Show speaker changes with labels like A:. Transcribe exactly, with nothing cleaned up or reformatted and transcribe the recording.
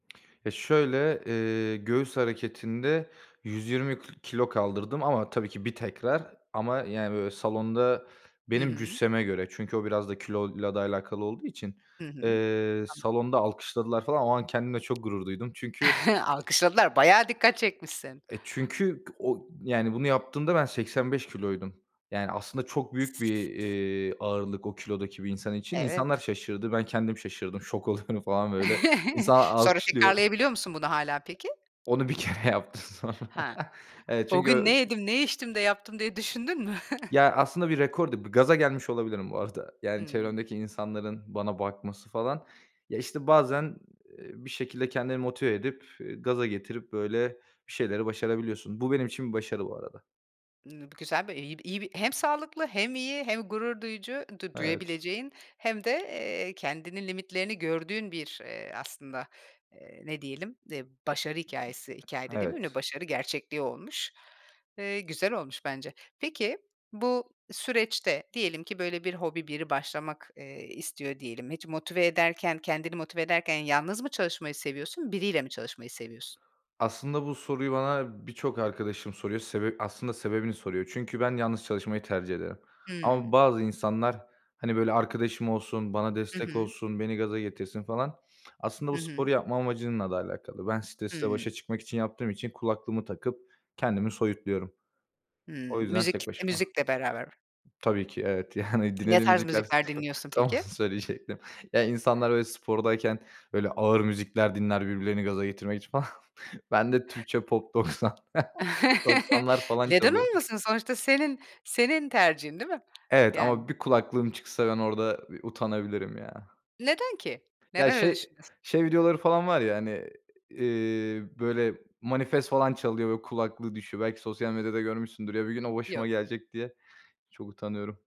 A: Ya, şöyle, ııı, göğüs hareketinde yüz yirmi k kilo kaldırdım ama tabii ki, bir tekrar ama yani, böyle, salonda
B: Hı
A: benim
B: hı.
A: cüsseme göre çünkü o biraz da kiloyla da alakalı olduğu için,
B: Hı hı.
A: eee,
B: Anladım.
A: salonda alkışladılar falan. O an kendimle çok gurur duydum çünkü
B: Alkışladılar, bayağı dikkat çekmişsin.
A: E, çünkü o, yani bunu yaptığımda ben seksen beş kiloydum. Yani aslında çok büyük bir, iii, ağırlık, o kilodaki bir insan için.
B: Evet.
A: İnsanlar şaşırdı. Ben kendim şaşırdım. Şok oluyorum falan böyle. İnsanlar
B: Sonra
A: alkışlıyor.
B: tekrarlayabiliyor musun bunu hâlâ peki?
A: Onu bir kere yaptım sonra.
B: Ha.
A: Evet
B: O
A: çünkü
B: gün
A: o
B: "Ne yedim, ne içtim de yaptım?" diye düşündün mü?
A: Ya, aslında bir rekor değil, bir gaza gelmiş olabilirim bu arada. Yani
B: Hımm.
A: çevremdeki insanların bana bakması falan. Ya işte bazen, iii, bir şekilde kendini motive edip, eee, gaza getirip, böyle, bir şeyleri başarabiliyorsun. Bu benim için başarı, bu arada.
B: Imm, bu güzel bir, iyi bir, iyi bir Hem sağlıklı, hem iyi, hem gurur duyucu du
A: Evet.
B: duyabileceğin, hem de, eee, kendinin limitlerini gördüğün bir, eee, aslında, eee, ne diyelim, e, başarı hikâyesi. Hikâye de demeyeyim de,
A: Evet.
B: başarı gerçekliği olmuş. Eee, güzel olmuş bence. Peki, bu süreçte diyelim ki, böyle, bir hobi, biri başlamak, eee, istiyor diyelim. Hiç motive ederken, kendini motive ederken yalnız mı çalışmayı seviyorsun, biriyle mi çalışmayı seviyorsun?
A: Aslında, bu soruyu bana birçok arkadaşım soruyor, sebep aslında sebebini soruyor. Çünkü ben yalnız çalışmayı tercih ederim. Ama
B: Hımm.
A: bazı insanlar, hani, böyle, arkadaşım olsun, bana
B: Hı
A: destek
B: hı.
A: olsun, beni gaza getirsin falan, aslında
B: Hı
A: bu sporu
B: hı.
A: yapma amacınla da alakalı. Ben stresle
B: Hımm.
A: başa çıkmak için yaptığım için kulaklığımı takıp kendimi soyutluyorum. O
B: Hımm.
A: yüzden
B: Müzik,
A: tek
B: e,
A: başıma.
B: müzikle beraber.
A: Tabii ki, evet, yani
B: Ne
A: dinlediğim
B: tarz
A: müzikler s
B: müzikler dinliyorsun
A: tam onu
B: peki?
A: söyleyecektim. Ya, insanlar, böyle, spordayken, böyle, ağır müzikler dinler, birbirlerini gaza getirmek için falan. Bende Türkçe Pop doksan. doksanlar falan
B: Neden
A: çalıyor.
B: olmasın? Sonuçta senin, senin tercihin değil mi?
A: Evet
B: Yani.
A: ama bir kulaklığım çıksa, ben orada bir, ııı, utanabilirim ya.
B: Neden ki?
A: Ya,
B: Neden öyle
A: şey,
B: düşünüyorsun?
A: şey videoları falan var ya, hani, iii, böyle, Manifest falan çalıyor ve kulaklığı düşüyor. Belki sosyal medyada görmüşsündür. Ya, bir gün o başıma
B: Yok.
A: gelecek diye, çok utanıyorum.